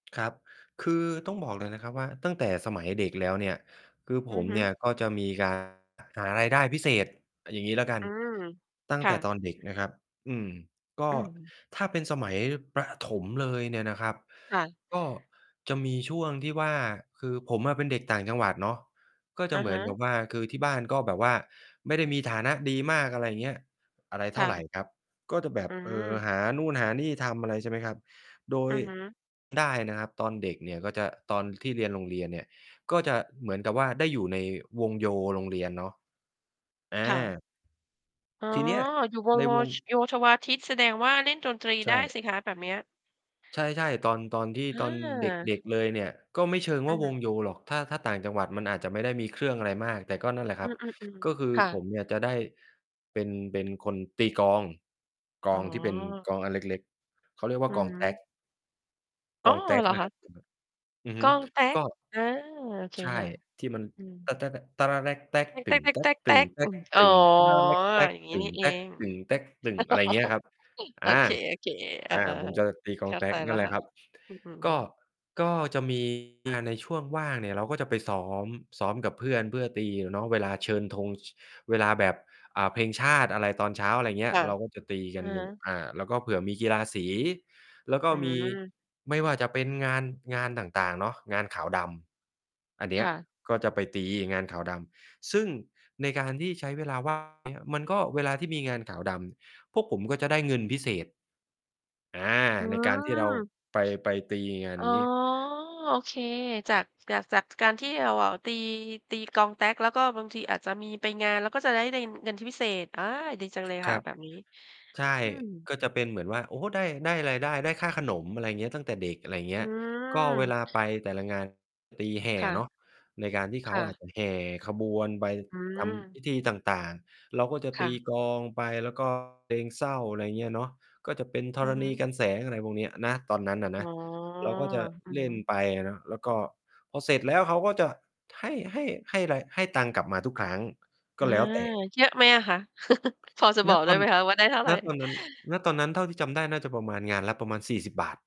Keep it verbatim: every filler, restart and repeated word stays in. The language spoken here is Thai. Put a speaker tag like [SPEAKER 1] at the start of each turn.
[SPEAKER 1] ครับ คือต้องบอกเลยนะครับ ว่าตั้งแต่สมัยเด็กแล้วเนี่ย คือผ
[SPEAKER 2] อื
[SPEAKER 1] ม
[SPEAKER 2] อฮึ
[SPEAKER 1] เนี่ย ก็จะมี การ หารายได้พิเศษ เอาอย่างงี้ละกัน
[SPEAKER 2] อืม
[SPEAKER 1] ตั้
[SPEAKER 2] ค
[SPEAKER 1] งแ
[SPEAKER 2] ่
[SPEAKER 1] ต่
[SPEAKER 2] ะ
[SPEAKER 1] ตอนเด็กนะครับ อืม ก
[SPEAKER 2] อ
[SPEAKER 1] ็
[SPEAKER 2] ืม
[SPEAKER 1] ถ้าเป็นสมัยประถมเลยเนี่ยนะครับ
[SPEAKER 2] ค่ะ
[SPEAKER 1] ก็จะมีช่วงที่ว่า คือผมอะเป็นเด็กต่างจังหวัดเนาะ ก็จ
[SPEAKER 2] อ
[SPEAKER 1] ะ
[SPEAKER 2] ะ
[SPEAKER 1] เหมื
[SPEAKER 2] ฮ
[SPEAKER 1] อนก
[SPEAKER 2] ะ
[SPEAKER 1] ับว่า คือที่บ้านก็แบบว่าไม่ได้มีฐานะดีมาก อะไรอย่างเงี้ย อะไรเ
[SPEAKER 2] ค
[SPEAKER 1] ท่
[SPEAKER 2] ่
[SPEAKER 1] าไร
[SPEAKER 2] ะ
[SPEAKER 1] ครับ ก็จะแบ
[SPEAKER 2] อ
[SPEAKER 1] บ
[SPEAKER 2] ื
[SPEAKER 1] เอ่อ
[SPEAKER 2] ม
[SPEAKER 1] หานู่นหานี่ทำอะไร ใช่ไหมครับ โด
[SPEAKER 2] อื
[SPEAKER 1] ย
[SPEAKER 2] อฮึ
[SPEAKER 1] ได้นะครับตอนเด็กเนี่ยก็จะ ตอนที่เรียนโรงเรียนเนี่ย ก็จะเหมือนกับว่าได้อยู่ในวงโยโรงเรียนเนาะ อ
[SPEAKER 2] ค่ะ
[SPEAKER 1] า
[SPEAKER 2] อ๋อ
[SPEAKER 1] ที่เนี้ย
[SPEAKER 2] อยู่วง
[SPEAKER 1] ใน
[SPEAKER 2] โว
[SPEAKER 1] วง
[SPEAKER 2] ช โยธวาทิต แสดงว่าเล่นดนตรี
[SPEAKER 1] ใช
[SPEAKER 2] ได้
[SPEAKER 1] ่
[SPEAKER 2] สิคะแบบเนี้ย
[SPEAKER 1] ใช่ ๆ ตอน ๆ ที่
[SPEAKER 2] อ
[SPEAKER 1] ตอน เด
[SPEAKER 2] า
[SPEAKER 1] ็ก ๆ เลยเนี่ย ก็ไม่เชิง
[SPEAKER 2] อ
[SPEAKER 1] ว่
[SPEAKER 2] ะ
[SPEAKER 1] า
[SPEAKER 2] ฮ
[SPEAKER 1] ว
[SPEAKER 2] ะ
[SPEAKER 1] งโยหรอก ถ้า ถ้าต่างจังหวัดมันอาจจะไม่ได้มีเครื่องอะไรมาก แต่ก็นั่นแหละ
[SPEAKER 2] อ
[SPEAKER 1] ค
[SPEAKER 2] ื
[SPEAKER 1] รับ
[SPEAKER 2] ม
[SPEAKER 1] ก็
[SPEAKER 2] ๆ
[SPEAKER 1] คือ
[SPEAKER 2] ๆ ค่
[SPEAKER 1] ผ
[SPEAKER 2] ะ
[SPEAKER 1] มเนี่ยจะได้เป็น เป็นคนตีกลอง กล
[SPEAKER 2] อ๋
[SPEAKER 1] องที่เป็น
[SPEAKER 2] อ
[SPEAKER 1] กลองอันเล็ก ๆ เขาเรียกว่
[SPEAKER 2] อื
[SPEAKER 1] า กล
[SPEAKER 2] อ
[SPEAKER 1] อง
[SPEAKER 2] ฮ
[SPEAKER 1] แต
[SPEAKER 2] ึ
[SPEAKER 1] ๊ก
[SPEAKER 2] อ
[SPEAKER 1] ก
[SPEAKER 2] ๋
[SPEAKER 1] ล
[SPEAKER 2] อ
[SPEAKER 1] องแต๊
[SPEAKER 2] เ
[SPEAKER 1] ก
[SPEAKER 2] หรอ
[SPEAKER 1] นะ
[SPEAKER 2] ค
[SPEAKER 1] ค
[SPEAKER 2] ะ?
[SPEAKER 1] รับ จะแบบ อือ
[SPEAKER 2] ก
[SPEAKER 1] ฮึ
[SPEAKER 2] ลองแต๊
[SPEAKER 1] ก
[SPEAKER 2] ก
[SPEAKER 1] ็
[SPEAKER 2] อา โอเค
[SPEAKER 1] ใช่
[SPEAKER 2] ค่ะ
[SPEAKER 1] ที่มัน
[SPEAKER 2] อืม
[SPEAKER 1] อะไรอ
[SPEAKER 2] อืม อ๋อ อย่างงี้นี่เอง
[SPEAKER 1] ย่างเงี้ยครับ
[SPEAKER 2] โ
[SPEAKER 1] อ
[SPEAKER 2] อ
[SPEAKER 1] า
[SPEAKER 2] เค ๆ อ
[SPEAKER 1] อ
[SPEAKER 2] า
[SPEAKER 1] า ผมจะตีกล
[SPEAKER 2] เข
[SPEAKER 1] อง
[SPEAKER 2] ้า
[SPEAKER 1] แต
[SPEAKER 2] ใ
[SPEAKER 1] ๊
[SPEAKER 2] จ
[SPEAKER 1] กน
[SPEAKER 2] แล
[SPEAKER 1] ั
[SPEAKER 2] ้
[SPEAKER 1] ่น
[SPEAKER 2] ว
[SPEAKER 1] แหล
[SPEAKER 2] ค
[SPEAKER 1] ะ
[SPEAKER 2] ่ะ
[SPEAKER 1] ครับ
[SPEAKER 2] อือฮ
[SPEAKER 1] ก็
[SPEAKER 2] ึ
[SPEAKER 1] ก็จะ มี งานในช่วงว่างเนี่ย เราก็จะไปซ้อม ซ้อมกับเพื่อนเพื่อตีเนาะ เวลาเชิญธง ช เวลาแบบ อ่า เพลงชาติอะไรตอนเช้า อะไรอย่างเงี้
[SPEAKER 2] ค
[SPEAKER 1] ย
[SPEAKER 2] ่ะ
[SPEAKER 1] เราก็จะตี
[SPEAKER 2] อ
[SPEAKER 1] กั
[SPEAKER 2] ะ
[SPEAKER 1] นอย
[SPEAKER 2] ฮ
[SPEAKER 1] ู่
[SPEAKER 2] ะ
[SPEAKER 1] อ่า แล้วก็เผื่อมีกีฬาสี แล้วก็
[SPEAKER 2] อื
[SPEAKER 1] มี
[SPEAKER 2] ม
[SPEAKER 1] ไม่ว่าจะเป็นงาน งานต่าง ๆ เนาะ งานขาวดำ อันเนี
[SPEAKER 2] ค
[SPEAKER 1] ้ย
[SPEAKER 2] ่ะ
[SPEAKER 1] ก็จะไปตีงานขาวดำ ซึ่งในการที่ใช้เวลา ว่าง เนี่ย มันก็ เวลาที่มีงานขาวดำ พวกผมก็จะได้เงินพิเศษ อา
[SPEAKER 2] อื
[SPEAKER 1] ในการที่เรา
[SPEAKER 2] ม
[SPEAKER 1] ไป ไปตีงาน
[SPEAKER 2] อ๋อ
[SPEAKER 1] นี้
[SPEAKER 2] โอเค จาก จาก จากการที่เราอะ ตี ตีกลองแต๊ก แล้วก็บางทีอาจจะมีไปงาน แล้วก็จะได๋ ได้เงินที่พิเศษ อ่า ดีจังเลย
[SPEAKER 1] ค
[SPEAKER 2] ค
[SPEAKER 1] ร
[SPEAKER 2] ่ะ
[SPEAKER 1] ับ
[SPEAKER 2] แบบนี้
[SPEAKER 1] ใช่
[SPEAKER 2] อืม
[SPEAKER 1] ก็จะเป็นเหมือนว่า โอ้ ได้ ได้รายได้ ได้ค่าขนม อะไรเงี้ย ตั้งแต่เด็ก อะไรเงี
[SPEAKER 2] อ
[SPEAKER 1] ้
[SPEAKER 2] ื
[SPEAKER 1] ย ก็เวล
[SPEAKER 2] ม
[SPEAKER 1] าไปแต่ละงานตีแห่
[SPEAKER 2] ค่
[SPEAKER 1] เน
[SPEAKER 2] ะ
[SPEAKER 1] าะ ในการที่เข
[SPEAKER 2] ค
[SPEAKER 1] า
[SPEAKER 2] ่
[SPEAKER 1] อ
[SPEAKER 2] ะ
[SPEAKER 1] าจจะแห่ขบวนไป
[SPEAKER 2] อื
[SPEAKER 1] ทำพ
[SPEAKER 2] ม
[SPEAKER 1] ิธีต่าง ๆ เราก็จะ
[SPEAKER 2] ค
[SPEAKER 1] ต
[SPEAKER 2] ่
[SPEAKER 1] ี
[SPEAKER 2] ะ
[SPEAKER 1] กลองไป แล้ว ก็ เพลงเศร้า อะไรอย่างเงี้ยเนาะ ก็จะเป็นธ
[SPEAKER 2] อื
[SPEAKER 1] ร
[SPEAKER 2] อฮ
[SPEAKER 1] ณี
[SPEAKER 2] ึ
[SPEAKER 1] กรรแสง อะไรพวกเนี้ยนะ ตอนนั้นน่ะน
[SPEAKER 2] อ๋
[SPEAKER 1] ะ
[SPEAKER 2] อ
[SPEAKER 1] เราก็จะ
[SPEAKER 2] อือ
[SPEAKER 1] เล
[SPEAKER 2] ฮ
[SPEAKER 1] ่น
[SPEAKER 2] ึ
[SPEAKER 1] ไปอะเนาะ แล้วก็พอเสร็จแล้วเขาก็จะให้ ให้ ให้ไร ให้ตังค์กลับมาทุกครั้ง ก
[SPEAKER 2] อา
[SPEAKER 1] ็แล้วแต่
[SPEAKER 2] เยอะไหมอะคะ? พอจะ
[SPEAKER 1] ณ
[SPEAKER 2] บอก
[SPEAKER 1] ต
[SPEAKER 2] ได้
[SPEAKER 1] อน
[SPEAKER 2] ไหมคะว่าได้เท่าไ
[SPEAKER 1] ณ ต
[SPEAKER 2] ร?
[SPEAKER 1] อนนั้น ณ ตอนนั้นเท่าที่จำได้น่าจะประมาณ งานละประมาณ สี่สิบ บาท